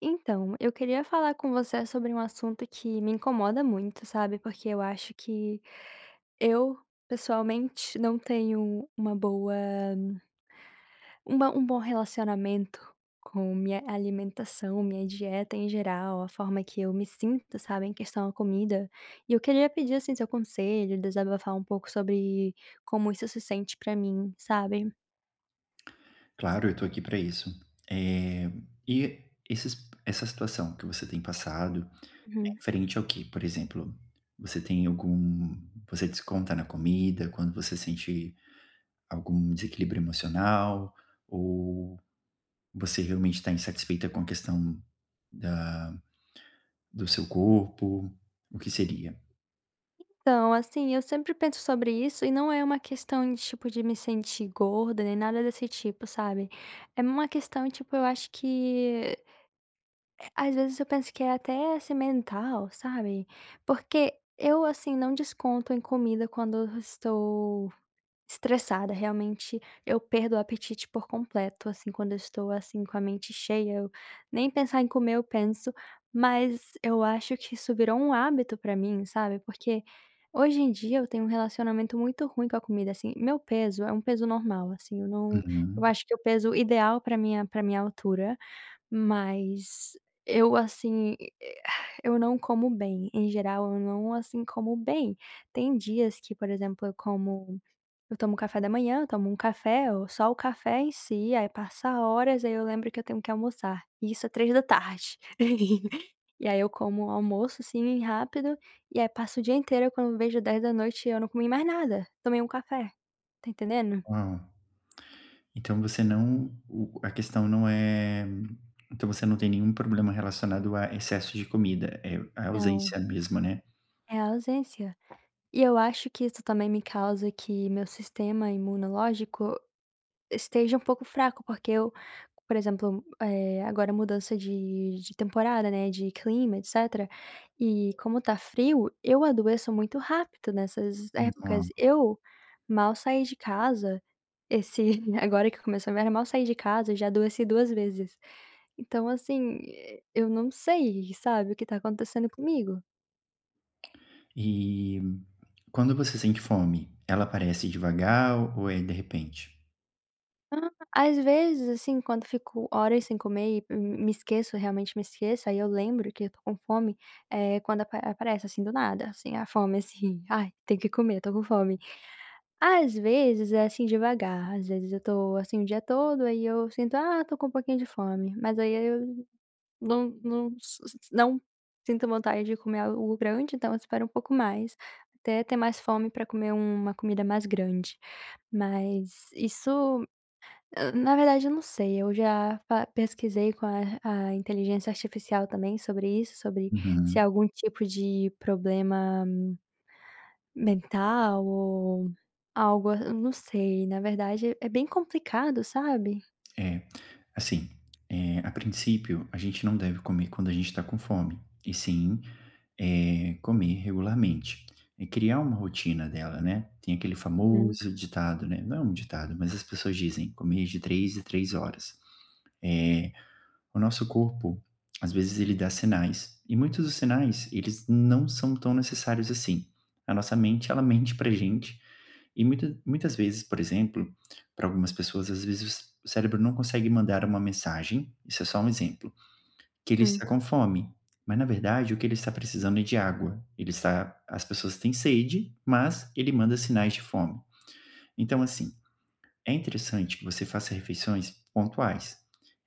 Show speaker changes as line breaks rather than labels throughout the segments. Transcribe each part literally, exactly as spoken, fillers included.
Então, eu queria falar com você sobre um assunto que me incomoda muito, sabe, porque eu acho que, eu pessoalmente não tenho uma boa um bom um bom relacionamento com minha alimentação, minha dieta em geral, a forma que eu me sinto, sabe, em questão a comida, e eu queria pedir, assim, seu conselho, desabafar um pouco sobre como isso se sente pra mim, sabe.
Claro, eu tô aqui pra isso. Eh, e esses essa situação que você tem passado, é
Uhum.
referente ao quê? Por exemplo, você tem algum você desconta na comida quando você sente algum desequilíbrio emocional, ou você realmente tá insatisfeita com a questão da do seu corpo, o que seria?
Então, assim, eu sempre penso sobre isso e não é uma questão, tipo, de me sentir gorda nem nada desse tipo, sabe, é uma questão, tipo, eu acho que, eh, às vezes eu penso que é até, assim, mental, sabe, porque eu, assim, não desconto em comida quando eu estou, estressada, realmente eu perdo o apetite por completo, assim, quando eu estou, assim, com a mente cheia eu, nem pensar em comer eu penso, mas eu acho que isso virou um hábito pra mim, sabe, porque hoje em dia eu tenho um relacionamento muito ruim com a comida, assim. Meu peso é um peso normal, assim, eu não eu
Uhum.
acho que o peso ideal pra minha pra minha altura, mas, eu, assim, eu não como bem, em geral eu não, assim, como bem. Tem dias que, por exemplo, eu como eu tomo café da manhã, eu tomo um café ou só o café em si, aí, passa horas, aí, eu lembro que eu tenho que almoçar, isso é três da tarde, e aí, eu como almoço, assim, rápido, e aí, passo o dia inteiro, eu quando vejo dez da noite eu não comi mais nada, tomei um café, tá entendendo?
Uau! Então, você não o a questão não é então, você não tem nenhum problema relacionado a excesso de comida, é a
Não.
ausência mesma, né?
É a ausência, e eu acho que isso também me causa que meu sistema imunológico esteja um pouco fraco, porque eu por exemplo, eh, agora a mudança de de temporada, né, de clima etcétera, e como tá frio eu adoeço muito rápido nessas épocas.
[unintelligible]
Eu mal saí de casa, esse agora que começou inverno, mal saí de casa, já adoeci duas, vezes. Então, assim, e eu não sei, sabe, o que tá acontecendo comigo.
E quando você sente fome, ela aparece devagar ou é de repente?
Hã, às vezes, assim, quando eu fico horas sem comer e m me esqueço, realmente, me esqueço, aí, eu lembro que eu tô com fome, eh, quando ap aparece, assim, do nada, assim, a fome, assim: "Ai, tenho que comer, tô com fome". Às vezes é, assim, devagar, às vezes, eu tô, assim, o dia todo, aí, eu sinto: "Ah, tô com um pouquinho de fome", mas, aí, eu não não s não sinto vontade de comer algo grande, então eu espero um pouco mais, até ter mais fome para comer uma comida mais grande, mas isso na verdade, eu não sei. Eu já fa pesquisei com a a inteligência artificial, também, sobre isso, sobre, se é
Uhum.
algum tipo de problema mental ou algo a não sei, na verdade, é bem complicado, sabe?
É, assim, eh, a princípio a gente não deve comer quando a gente tá com fome, e sim, eh, comer regularmente e criar uma rotina dela, né. Tem aquele
Uhum.
famoso ditado, né, não é um ditado, mas as pessoas dizem, comer de três em três horas, eh, o nosso corpo, às vezes, ele dá sinais, e muitos dos sinais, eles não são tão necessários, assim. A nossa mente, ela mente para gente, e muita muitas vezes, por exemplo, para algumas pessoas, às vezes, o c o cérebro não consegue mandar uma mensagem, isso é só um exemplo, que ele
Hum.
está com fome, mas na verdade o que ele está precisando é de água, ele está as pessoas têm sede, mas ele manda sinais de fome. Então, assim, é interessante que você faça refeições pontuais,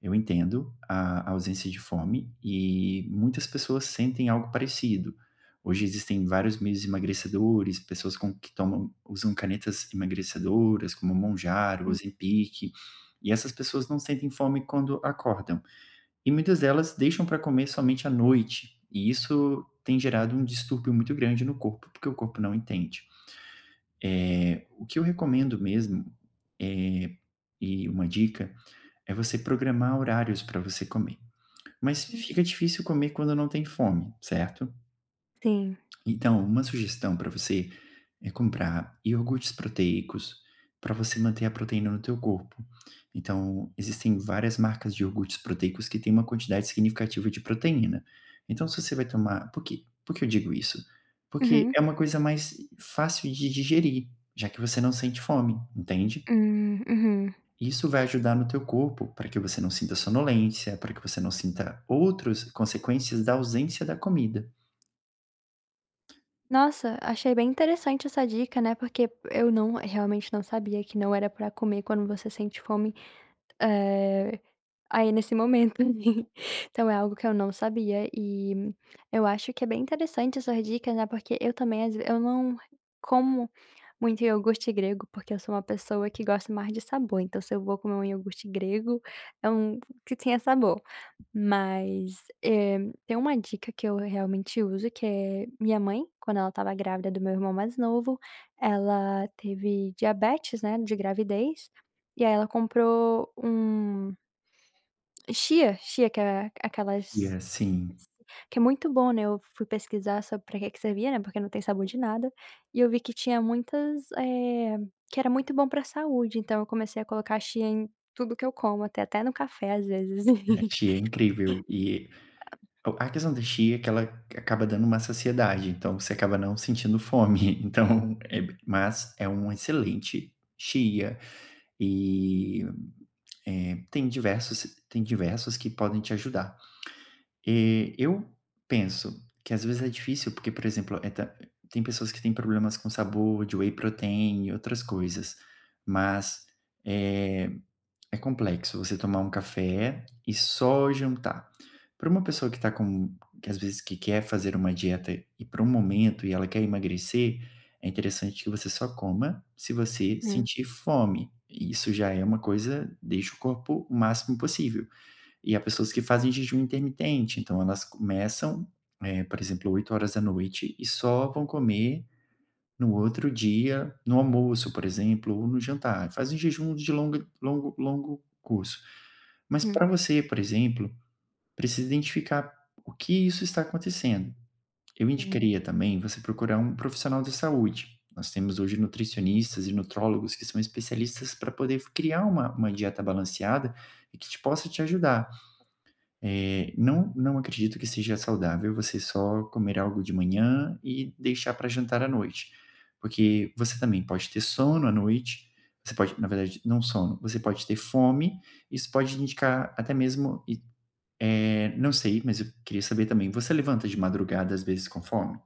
eu entendo a ausência de fome e muitas pessoas sentem algo parecido. Hoje, existem vários meios emagrecedores, pessoas com que tomam usam canetas emagrecedoras como Mounjaro,
Hum.
Ozepic e essas pessoas não sentem fome quando acordam e muitas delas deixam para comer somente à noite, e isso tem gerado um distúrbio muito grande no corpo, porque o corpo não entende. Eh, o que eu recomendo mesmo, eh, e uma dica, é você programar horários para você comer, mas
Hum.
fica difícil comer quando não tem fome, certo?
Sim.
Então, uma sugestão para você é comprar iorgutes proteicos, para você manter a proteína no teu corpo, então existem várias marcas de iogurtes proteicos que têm uma quantidade significativa de proteína, então se você vai tomar por que por que eu digo isso? Porque
Uhum.
é uma coisa mais fácil de digerir, já que você não sente fome, entende?
Hum, uhum.
Isso vai ajudar no teu corpo, para que você não sinta sonolência, para que você não sinta outros consequências da ausência da comida.
Nossa, achei bem interessante essa dica, né, porque eu não realmente, não sabia que não era para comer quando você sente fome, eh, aí, nesse momento, assim. Então é algo que eu não sabia e eu acho que é bem interessante essas dicas, né, porque eu, também, às Eu não como muito iogurte grego, porque eu sou uma pessoa que gosta mais de sabor. Então se eu vou comer um iogurte grego é um que tenha sabor. Mas, eh, tem uma dica que eu, realmente, uso que é minha mãe quando ela estava grávida do meu irmão mais novo, ela teve diabetes, né, de gravidez, e, aí, ela comprou um chia, chia que é aquelas
Que
s
é sim.
que é muito bom, né, eu fui pesquisar sobre, para que que servia, né, porque não tem sabor de nada, e eu vi que tinha muitas eh, que era muito bom para saúde. Então eu comecei a colocar chia em tudo que eu como, até até no café, às vezes.
É, que é incrível. E o a questão da chia é que ela acaba dando uma saciedade, então você acaba não sentindo fome, então é b mas é uma excelente chia. E, eh, tem diversos tem diversos que podem te ajudar. Eh, eu penso que, às vezes, é difícil, porque, por exemplo, e ta tem pessoas que têm problemas com sabor de whey protein e outras coisas. Mas, é é complexo você tomar um café e só jantar. Pra uma pessoa que está com que às vezes, que quer fazer uma dieta e, para um momento e ela quer emagrecer, é interessante que você só coma se você
Hum.
sentir fome e isso já é uma coisa deixa o corpo o máximo possível. E há pessoas que fazem jejum intermitente, então elas começam, eh, por exemplo, oito horas da noite e só vão comer no outro dia no almoço, por exemplo, ou no jantar, fazem jejum de longo longo longo curso. Mas
Uhum.
para você, por exemplo, precisa identificar o que isso está acontecendo. Eu
Sim.
indicaria, também, você procurar um profissional da saúde, nós temos hoje nutricionistas e nutrólogos que são especialistas para poder criar uma uma dieta balanceada, que te possa te ajudar. Eh, não não acredito que seja saudável você só comer algo de manhã e deixar para jantar à noite. Porque você também pode ter sono à noite, você pode na verdade, não sono, você pode ter fome, isso pode indicar até mesmo e, eh, não sei, mas eu queria saber, também, você levanta de madrugada, às vezes, com fome?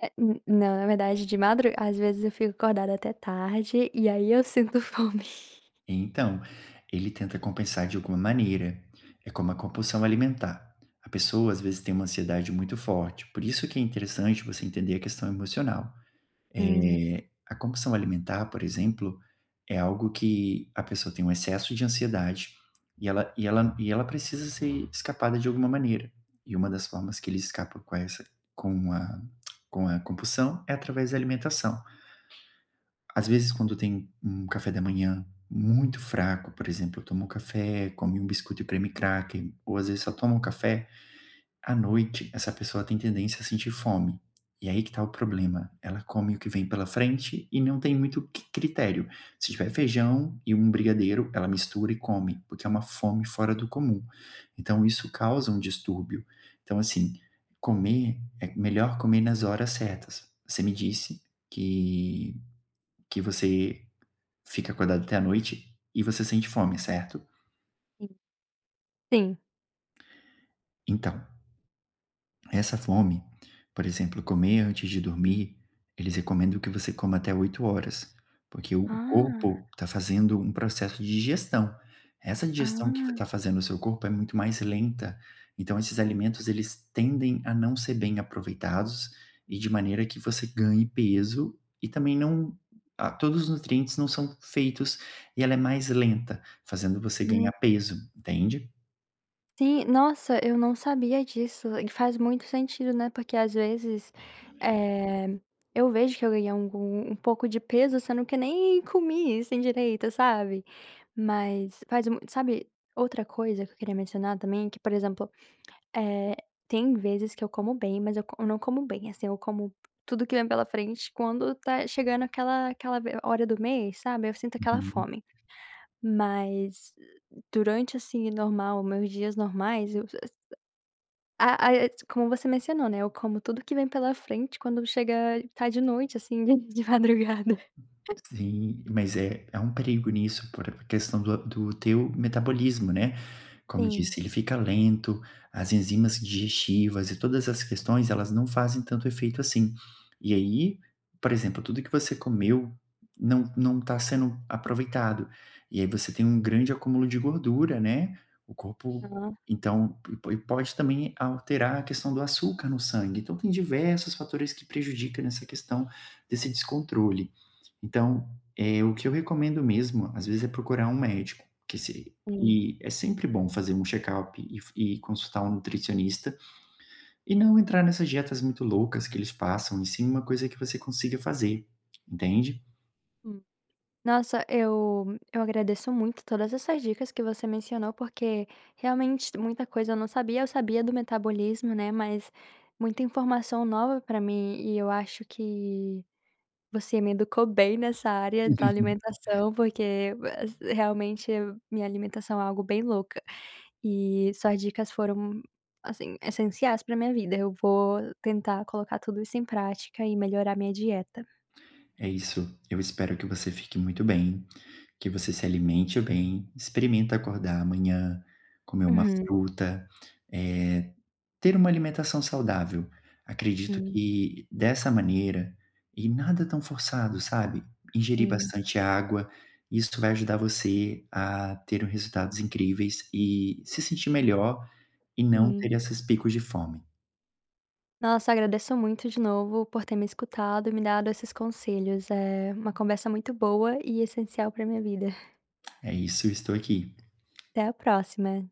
É, n não. Na verdade, de madru às vezes eu fico acordada até tarde, e aí eu sinto fome.
Então, ele tenta compensar de alguma maneira. É como a compulsão alimentar. A pessoa, às vezes, tem uma ansiedade muito forte, por isso que é interessante você entender a questão emocional.
Hum.
Eh, a compulsão alimentar, por exemplo, é algo que a pessoa tem um excesso de ansiedade, e ela e ela e ela precisa ser escapada de alguma maneira. E uma das formas que ele escapa com essa com a com a compulsão, é através da alimentação. Às vezes, quando tem um café da manhã muito fraco. Por exemplo, tomou café, come um biscoito de creme cracker ou, às vezes, só toma um café. À noite, essa pessoa tem tendência a sentir fome, e aí que tá o problema. Ela come o que vem pela frente e não tem muito c critério. Se tiver feijão e um brigadeiro ela mistura e come, porque é uma fome fora do comum. Então isso causa um distúrbio. Então assim, comer é melhor comer nas horas certas. Você me disse que que você fica acordado até à noite e você sente fome, certo?
Sim. Sim.
Então, essa fome por exemplo, comer antes de dormir, eles recomendam que você coma até oito horas, porque o
Ah.
corpo tá fazendo um processo de digestão, essa digestão que f
Ah.
tá fazendo o seu corpo é muito mais lenta, então esses alimentos eles tendem a não ser bem aproveitados, e de maneira que você ganhe peso, e também não a todos os nutrientes não são feitos, e ela é mais lenta, fazendo você ganhar
[unintelligible]
peso, entende?
Sim, nossa, eu não sabia disso, e faz muito sentido, né, porque às vezes, eh, eu vejo que eu ganhei algum um pouco de peso sendo que nem comi, assim, direito, sabe, mas faz mu sabe, outra coisa que eu queria mencionar também, que, por exemplo, eh, tem vezes que eu como bem, mas eu co eu não como bem, assim, eu como tudo que vem pela frente quando tá chegando aquela aquela v hora do mês, sabe, eu sinto aquela
Uhum.
fome, mas, durante, assim, normal, meus dias normais, eu a a como você mencionou, né, eu como tudo que vem pela frente quando chega, tá de noite, assim, dentro de madrugada
Sim, mas é, há um perigo nisso por questão do do teu metabolismo, né. Como
Sim.
disse, ele fica lento, as enzimas digestivas e todas as questões, elas não fazem tanto efeito assim, e aí, por exemplo, tudo que você comeu não não tá sendo aproveitado, e aí você tem um grande acúmulo de gordura, né. O corpo
Aham.
então, e po e pode também alterar a questão do açúcar no sangue. Então tem diversas fatores que prejudica nessa questão desse descontrole. Então, eh, o que eu recomendo mesmo, às vezes, é procurar um médico, que se
Sim.
e é sempre bom fazer um chekalp e f e consultar um nutricionista, e não entrar nessas dietas muito loucas que eles passam, e sim uma coisa que você consiga fazer, entende?
Hum. Nossa, eu eu agradeço muito todas essas dicas que você mencionou porque, realmente, muita coisa eu não sabia. Eu sabia do metabolismo, né, mas muita informação nova para mim e eu acho que você me educou bem nessa área da alimentação, porque, realmente, minha alimentação é algo bem louca e suas dicas foram, assim, essenciais para minha vida. Eu vou tentar colocar tudo isso em prática e melhorar minha dieta.
É isso! Eu espero que você fique muito bem, que você se alimente bem, experimenta acordar amanhã, comer uma
Uhum.
fruta, eh, ter uma alimentação saudável. Acredito
Hum.
que dessa maneira, e nada tão forçado, sabe? Ingerir
Hum.
bastante água, isso vai ajudar você a ter o resultados incríveis e se sentir melhor e não ter
Uhum.
esses picos de fome.
Nossa, agradeço muito de novo por ter me escutado e me dado esses conselhos, é uma conversa muito boa e essencial para minha vida.
É isso. Eu estou aqui.
Até a próxima.